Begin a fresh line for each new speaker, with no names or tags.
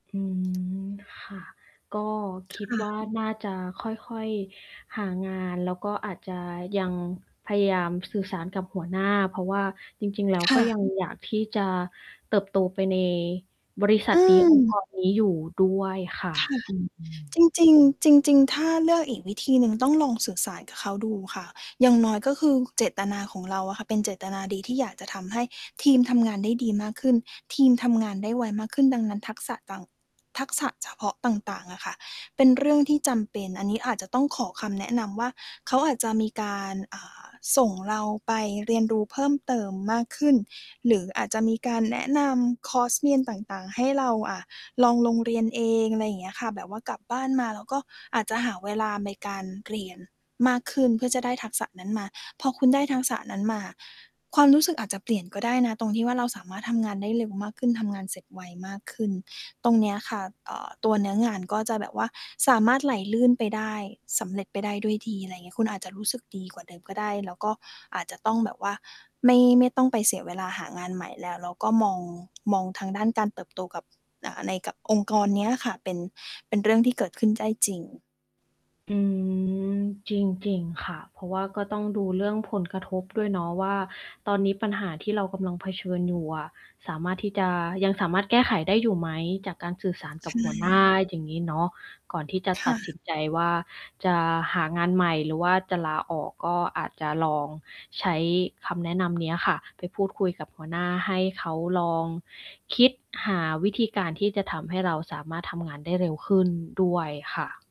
อืม ค่ะ ก็คิด
ค่
ว่
ะ
าน่าจะค่อย ๆ หางาน แล้วก็อาจจะยังพยายามสื่อสารกับหัวหน้า เพราะว่าจริง ๆ แล้ว
ค
ก
่
็
ะ
ยัง อยากที่จะเติบโตไปใน บริษั
อื
ทนี้ องค์
ม
กรนี้อยู่ด้วยค่ะ
ค่ะ
อืม
จริง ๆ จริง ๆ ถ้าเลือกอีกวิธีหนึ่งต้องลองสื่อสารกับเขาดูค่ะ อย่างน้อยก็คือเจตนาของเราอะค่ะเป็นเจตนาดี ที่อยากจะทำให้ทีมทำงานได้ดีมากขึ้น ทีมทำงานได้ไวมากขึ้น ดังนั้นทักษะต่าง ทักษะเฉพาะต่าง ๆ อะค่ะ เป็นเรื่องที่จำเป็น อันนี้อาจจะต้องขอคำแนะนำว่า เขาอาจจะมีการ อ่า ส่งเราไปเรียนรู้เพิ่มเติมมากขึ้น หรืออาจจะมีการแนะนำคอร์สเรียนต่าง ๆ ให้เรา อ่า ลองลงเรียนเอง อะไรอย่างเงี้ยค่ะ แบบว่ากลับบ้านมาแล้วก็อาจจะหาเวลาในการเรียนมากขึ้นเพื่อจะได้ทักษะนั้นมา พอคุณได้ทักษะนั้นมาอะ ความรู้สึกอาจจะเปลี่ยนก็ได้นะ ตรงที่ว่าเราสามารถทำงานได้เร็วมากขึ้น ทำงานเสร็จไวมากขึ้น ตรงเนี้ยค่ะ เอ่อ ตัวเนื้องานก็จะแบบว่าสามารถไหลลื่นไปได้ สำเร็จไปได้ด้วยดี อะไรเงี้ย คุณอาจจะรู้สึกดีกว่าเดิมก็ได้ แล้วก็อาจจะต้องแบบว่าไม่ ไม่ต้องไปเสียเวลาหางานใหม่แล้ว แล้วก็มอง มองทางด้านการเติบโตกับ อ่า ในกับองค์กรเนี้ยค่ะ เป็น เป็นเรื่องที่เกิดขึ้นได้จริง
อืม จริง ๆ ค่ะ เพราะว่าก็ต้องดูเรื่องผลกระทบด้วยเนาะว่า ตอนนี้ปัญหาที่เรากำลังเผชิญอยู่อะ สามารถที่จะ ยังสามารถแก้ไขได้อยู่ไหม จากการสื่อสารกั
ใช
บหัวหน้า
่
อย่างงี้เนาะ ก่อนที่จะ
ค
ตั
่
ดส
ะ
ินใจว่า จะหางานใหม่หรือว่าจะลาออก ก็อาจจะลองใช้คำแนะนำเนี้ยค่ะไปพูดคุยกับหัวหน้า ให้เขาลองคิดหาวิธีการที่จะทำให้เราสามารถทำงานได้เร็วขึ้น ด้วยค่ะ